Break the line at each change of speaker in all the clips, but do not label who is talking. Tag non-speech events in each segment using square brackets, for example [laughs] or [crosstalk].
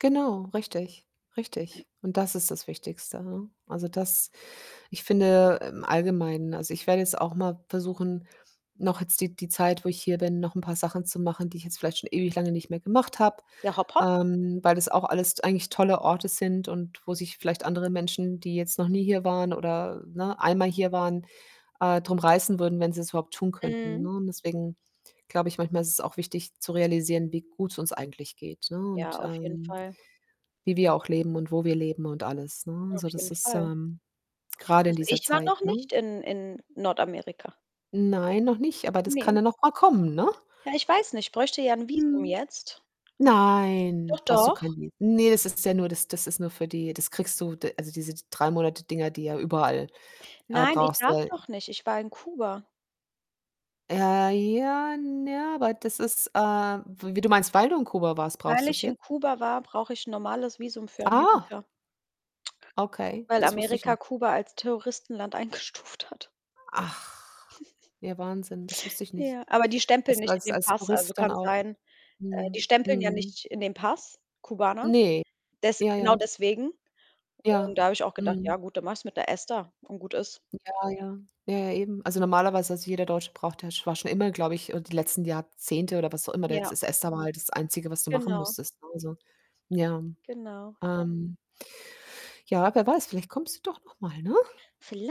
Genau, richtig, richtig.
[clears throat]
Und das ist das Wichtigste, ne? Also, das ich finde im Allgemeinen. Also, ich werde jetzt auch mal versuchen, noch jetzt die die Zeit, wo ich hier bin, noch 'n paar Sachen zu machen, die ich jetzt vielleicht schon ewig lange nicht mehr gemacht habe.
Ja, hopp, hopp.
Ähm, weil das auch alles t eigentlich tolle Orte sind und wo sich vielleicht andere Menschen, die jetzt noch nie hier waren oder, ne, einmal hier waren, äh, drum reißen würden, wenn sie's überhaupt tun könnten, ne,
Mhm.
und deswegen glaube ich, manchmal ist es auch wichtig zu realisieren, wie gut's uns eigentlich geht, ne,
Ja,
und,
auf jeden
ähm,
Fall.
wie wir auch leben und wo wir leben und alles, ne?
Auf
Also, das
jeden
ist,
Fall.
ähm grade in
Also,
dieser
ich war
Zeit,
noch
ne?
nicht in in Nordamerika.
Nein, noch nicht, aber das kann
Ne.
ja noch mal kommen, ne?
Ja, ich weiß nicht, bräuchte ja 'n Visum
Mhm.
jetzt.
Nein,
Doch,
brauchst du
doch.
kein Miet ne, das ist ja nur das das ist nur für die das kriegst du d also, diese 3- Monate-Dinger, die ja überall, äh,
Nein, ich
brauchst,
darf
ja
doch nicht. Ich war in Kuba.
Äh, ja, n ja. Aber das ist, äh w wie du meinst, weil du in Kuba warst,
Weil
brauchst du's
ich in
jet
Kuba war, brauche ich 'n normales Visum für
Ah.
Amerika.
Okay,
Weil
das wusste ich
Amerika
nicht.
Kuba als Terroristenland eingestuft hat.
Ach.
[chuckles]
Ja, Wahnsinn, das wusste ich nicht,
Ja. Aber die stempeln
dass du
nicht in
als
den Pass. Also,
Tourist dann
kann
auch
sein äh, die
mhm.
stempeln ja
Mhm.
nicht in den Pass, Kubaner,
Ne.
des
Ja,
genau
ja.
deswegen,
Ja,
und da habe ich auch gedacht:
mhm.
„Ja gut, dann mache ich's mit 'ner ESTA und gut ist.“
Ja, ja. Ja, ja, eben. Also, normalerweise also, jeder Deutsche braucht ja sch war schon immer, glaube ich, äh, die letzten Jahrzehnte oder was auch immer da jetzt
Ja.
das ESTA war halt das Einzige, was du machen
Genau.
musstest, ne? Also, ja.
Genau, ja.
Ähm ja, wer weiß, vielleicht kommst du doch noch mal, ne?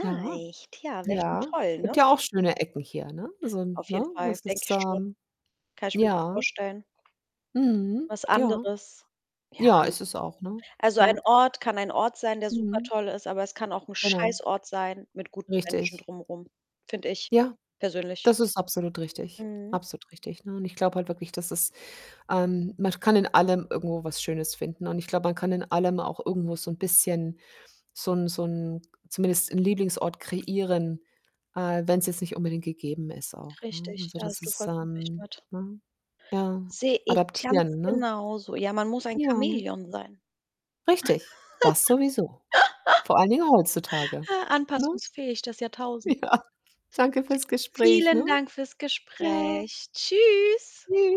Ja.
Ja, wäre schon
Ja.
toll,
Gibt
ne?
ja auch schöne Ecken hier, ne? So 'n
Auf jeden
ne,
Fall,
was das
denke ich
da
schon.
ähm,
Kann ich mir gut
ja.
vorstellen.
Mhm,
Was
ja.
anderes. Ja.
Ja, ist es auch, ne?
Also,
Ja.
ein Ort kann ein Ort sein, der
Mhm.
supertoll ist, aber es kann auch 'n
Genau.
Scheißort sein mit guten Menschen
Richtig.
drum rum. Finde ich
Ja.
persönlich.
Das ist absolut richtig.
Mhm.
Absolut richtig, ne? Und ich glaube halt wirklich, dass es ähm, man kann in allem irgendwo was Schönes finden und ich glaube, man kann in allem auch irgendwo so 'n bisschen so 'n so 'n zumindest 'n Lieblingsort kreieren, äh, wenn's jetzt nicht unbedingt gegeben ist auch, ne?
Richtig,
Also,
da
das
hast du
ist,
vollkommen recht
ähm
mit.
ne? Ja,
Sehe ich ganz
adaptieren, ne?
genauso. Ja, man muss ein
Ja.
Chamäleon sein.
Ricthig. Das sowieso.
[laughs]
Vor allen Dingen heutzutage, ne?
Anpassungsfähig, das Jahrtausend.
Ja. Danke fürs Gespräch, ne?
Vielen Dank fürs
Ja.
Gespräch. Tschüss.
Tschü